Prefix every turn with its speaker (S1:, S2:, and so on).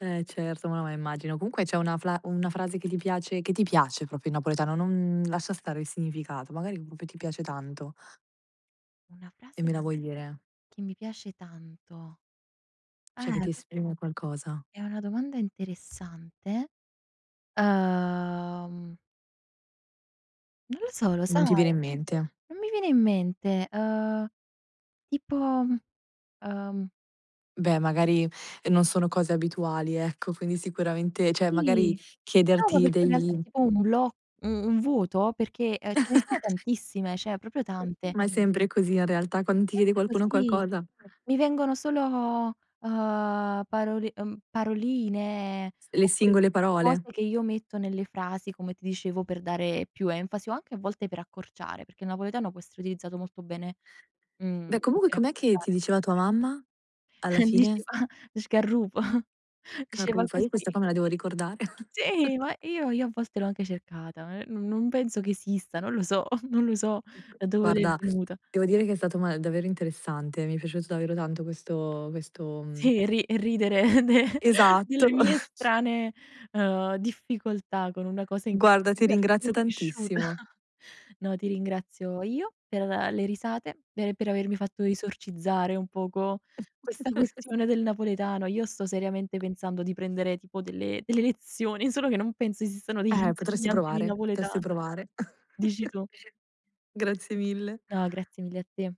S1: Eh, certo, ma no, ma immagino. Comunque c'è una fla una frase che ti piace che ti piace proprio in napoletano, non lascia stare il significato, magari proprio ti piace tanto
S2: Una
S1: E
S2: frase
S1: me la
S2: che
S1: vuoi dire?
S2: che mi piace tanto.
S1: Cioè che
S2: Eh,
S1: ti
S2: questa
S1: esprime qualcosa.
S2: è una domanda interessante, uhm non lo so, lo
S1: Non
S2: sai?
S1: ti viene in mente.
S2: Non mi viene in mente, uhm, tipo, uhm
S1: Beh, magari non sono cose abituali, ecco, quindi sicuramente cioè
S2: Sì.
S1: magari
S2: No, ma
S1: chiederti
S2: perché in realtà
S1: degli
S2: è tipo un bloc un vuoto, perchè, ehm, ce ne sono tantissime, cioè proprio tante.
S1: Ma è sempre così in realtà, quando ti chiede
S2: Sempre
S1: qualcuno
S2: così.
S1: qualcosa
S2: Mi vengono solo, uhm, parol uhm, paroline,
S1: Le
S2: oppure
S1: singole
S2: cose
S1: parole.
S2: che io metto nelle frasi, come ti dicevo, per dare più enfasi o anche a volte per accorciare, perché il napoletano può essere utilizzato molto bene, mhmm,
S1: Beh, comunque
S2: per
S1: com'è che ti
S2: accorciare.
S1: diceva tua mamma, alla fine?
S2: Diceva "sgarrupo", diceva
S1: "Carrufa", io questa
S2: così.
S1: qua me la devo ricordare.
S2: Sì, ma io io a volte l'ho anche cercata, eh, non non penso che esista, non lo so, non lo so da dove le è
S1: Guarda,
S2: venuta.
S1: devo dire che è stato ma davvero interessante, mi è piaciuto davvero tanto questo questo, mhmm
S2: Sì, ri ridere de
S1: Esatto!
S2: delle mie strane, uhm, difficoltà con una cosa in cui
S1: Guarda,
S2: in
S1: ti
S2: realtà
S1: ringrazio
S2: sono cresciuta.
S1: tantissimo.
S2: No, ti ringrazio io per le risate, e per avermi fatto esorcizzare un poco questa questione del napoletano. Io sto seriamente pensando di prendere tipo delle delle lezioni, solo che non penso esistano degli
S1: Eh, potresti
S2: insegnanti di
S1: provare, testi
S2: napoletano.
S1: provare.
S2: Dici tu.
S1: Grazie mille!
S2: No, grazie mille a te.